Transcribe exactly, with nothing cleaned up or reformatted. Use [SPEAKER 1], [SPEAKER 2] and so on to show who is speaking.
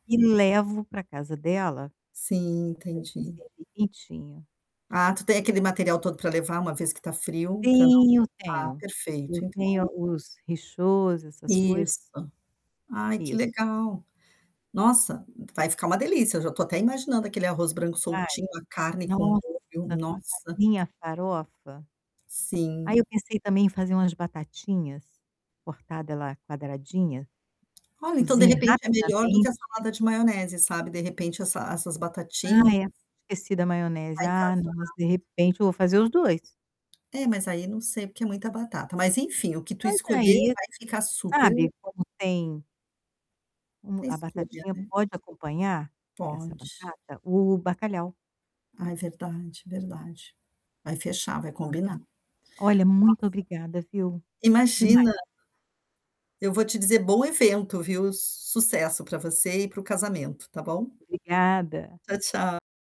[SPEAKER 1] E levo para casa dela
[SPEAKER 2] Sim,
[SPEAKER 1] para gente
[SPEAKER 2] entendi.
[SPEAKER 1] servir quentinho.
[SPEAKER 2] Ah, tu tem aquele material todo para levar, uma vez que está frio para não
[SPEAKER 1] Tenho,
[SPEAKER 2] ah,
[SPEAKER 1] tenho. Eu
[SPEAKER 2] perfeito.
[SPEAKER 1] tenho
[SPEAKER 2] Então
[SPEAKER 1] os rechauds essas coisas.
[SPEAKER 2] Isso. Ai, que
[SPEAKER 1] Isso.
[SPEAKER 2] legal! Nossa, vai ficar uma delícia. Já estou até imaginando aquele arroz branco
[SPEAKER 1] Vai.
[SPEAKER 2] soltinho, a carne com o
[SPEAKER 1] Nossa,
[SPEAKER 2] molho,
[SPEAKER 1] com essa
[SPEAKER 2] nossa.
[SPEAKER 1] minha farofa Aí,
[SPEAKER 2] Sim.
[SPEAKER 1] eu pensei também em fazer umas batatinhas, cortada ela quadradinha,
[SPEAKER 2] Olha, então de
[SPEAKER 1] cozinha
[SPEAKER 2] repente é melhor do que
[SPEAKER 1] rapidamente
[SPEAKER 2] a salada de maionese, sabe. De repente essa essas batatinhas
[SPEAKER 1] Ai, era pra ter sido a maionese.
[SPEAKER 2] vai
[SPEAKER 1] Ah,
[SPEAKER 2] casar.
[SPEAKER 1] nossa, de repente eu vou fazer os dois.
[SPEAKER 2] É, mas aí não sei porque é muita batata. Mas enfim, o que tu
[SPEAKER 1] Mas
[SPEAKER 2] escolher
[SPEAKER 1] aí,
[SPEAKER 2] vai ficar super
[SPEAKER 1] sabe, como tem Hum,
[SPEAKER 2] É
[SPEAKER 1] a
[SPEAKER 2] escolha,
[SPEAKER 1] batatinha
[SPEAKER 2] né.
[SPEAKER 1] pode acompanhar, essa
[SPEAKER 2] Pode.
[SPEAKER 1] batata, o bacalhau.
[SPEAKER 2] Ai, verdade, verdade. Vai fechar, vai combinar. Nossa!
[SPEAKER 1] Olha, muito obrigada, viu. Demais.
[SPEAKER 2] Imagina. Eu vou te dizer, bom evento, viu. Sucesso para você e para o casamento, está bom?
[SPEAKER 1] Obrigada.
[SPEAKER 2] Tchau, tchau.